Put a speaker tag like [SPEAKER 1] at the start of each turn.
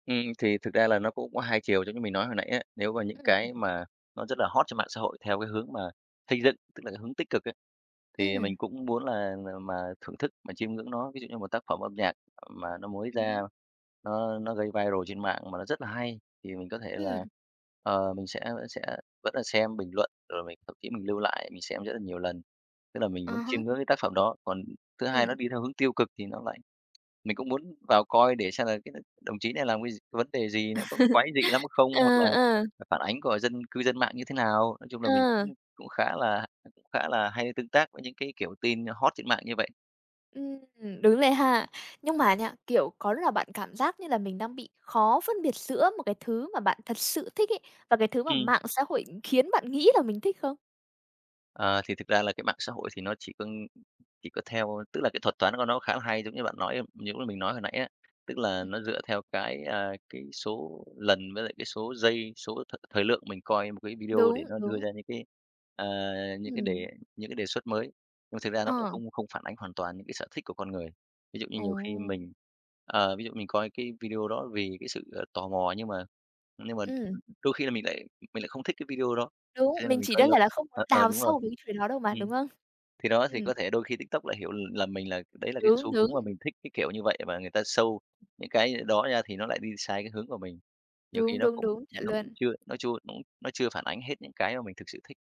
[SPEAKER 1] Ừm, thì thực ra là nó cũng có hai chiều, giống như mình nói hồi nãy á, nếu mà những
[SPEAKER 2] Ừm,
[SPEAKER 1] cái
[SPEAKER 2] ừm.
[SPEAKER 1] mà nó rất là hot trên mạng xã hội theo cái hướng mà xây dựng, tức là cái hướng tích cực ấy, thì
[SPEAKER 2] Ừm.
[SPEAKER 1] mình cũng muốn là là mà thưởng thức, mà chiêm ngưỡng nó. Ví dụ như một tác phẩm âm nhạc mà nó mới
[SPEAKER 2] Ừm
[SPEAKER 1] ra,
[SPEAKER 2] hứm.
[SPEAKER 1] nó nó gây viral trên mạng, mà nó rất là hay thì mình có thể là,
[SPEAKER 2] Ừm.
[SPEAKER 1] ờ, mình sẽ vẫn sẽ vẫn là xem bình luận, rồi mình thậm chí mình lưu lại, mình xem rất là nhiều lần, tức là mình
[SPEAKER 2] À
[SPEAKER 1] muốn chiêm
[SPEAKER 2] há.
[SPEAKER 1] ngưỡng cái tác phẩm đó. Còn thứ hai nó
[SPEAKER 2] Ừm.
[SPEAKER 1] đi theo hướng tiêu cực thì nó lại mình cũng muốn vào coi để xem là cái n đồng chí này làm cái gi vấn đề gì, nó có quái dị lắm không,
[SPEAKER 2] Ờ,
[SPEAKER 1] hoặc là
[SPEAKER 2] ờ.
[SPEAKER 1] là phản ánh của dân cư dân mạng như thế nào. Nói chung là mình cũng
[SPEAKER 2] À.
[SPEAKER 1] cũng khá là cũng khá là hay tương tác với những cái, kiểu, tin nh hot trên mạng như vậy.
[SPEAKER 2] Ừm. Đúng rồi ha. Nhưng mà nha, kiểu, có lúc nào bạn cảm giác như là mình đang bị khó phân biệt giữa một cái thứ mà bạn thật sự thích ấy và cái thứ mà
[SPEAKER 1] Ừm.
[SPEAKER 2] mạng xã hội khiến bạn nghĩ là mình thích không?
[SPEAKER 1] Ờ, thì thực ra là cái mạng xã hội thì nó chỉ cưng chỉ có theo tức là, cái thuật toán của nó khá là hay, giống như bạn nói ưm, những lúc mình nói hồi nãy á, tức là
[SPEAKER 2] Ừm.
[SPEAKER 1] nó dựa theo cái, à, cái số lần với lại cái số giây, số thời thời lượng mình coi một cái video để
[SPEAKER 2] Đúng,
[SPEAKER 1] nó đưa
[SPEAKER 2] đúng.
[SPEAKER 1] ra những cái, ờ, những cái đề
[SPEAKER 2] Ừm.
[SPEAKER 1] những cái đề xuất mới, nhưng mà thực ra nó cũng
[SPEAKER 2] Ờ.
[SPEAKER 1] không không phản ánh hoàn toàn những cái sở thích của con người. Ví dụ như nhiều khi
[SPEAKER 2] Ồ.
[SPEAKER 1] mình, ờ, ví dụ mình coi cái video đó vì cái sự, ờ, tò mò nhưng mà nhưng mà
[SPEAKER 2] Ừm.
[SPEAKER 1] đôi khi là mình lại mình lại không thích cái video đó,
[SPEAKER 2] Đúng,
[SPEAKER 1] cho nên là
[SPEAKER 2] mình
[SPEAKER 1] mình
[SPEAKER 2] chỉ
[SPEAKER 1] coi
[SPEAKER 2] đơn
[SPEAKER 1] lâu.
[SPEAKER 2] giản là không muốn
[SPEAKER 1] Ờ, ờ,
[SPEAKER 2] đào
[SPEAKER 1] đúng rồi.
[SPEAKER 2] sâu về cái chuyện đó đâu mà, đúng
[SPEAKER 1] Ừm.
[SPEAKER 2] hông?
[SPEAKER 1] Thì đó, thì
[SPEAKER 2] Ừm.
[SPEAKER 1] có thể đôi khi TikTok lại hiểu, ừm, lầm mình là đấy là cái
[SPEAKER 2] Đúng,
[SPEAKER 1] xu hướng mà
[SPEAKER 2] đúng.
[SPEAKER 1] mình thích cái kiểu như vậy, và người ta show những cái đó ra thì nó lại đi sai cái hướng của mình. Nhiều khi
[SPEAKER 2] Đúng,
[SPEAKER 1] nó
[SPEAKER 2] đúng,
[SPEAKER 1] cũng
[SPEAKER 2] đúng, chuẩn
[SPEAKER 1] nó cũng
[SPEAKER 2] luôn.
[SPEAKER 1] chưa nó chua nó chưa phản ánh hết những cái mà mình thực sự thích.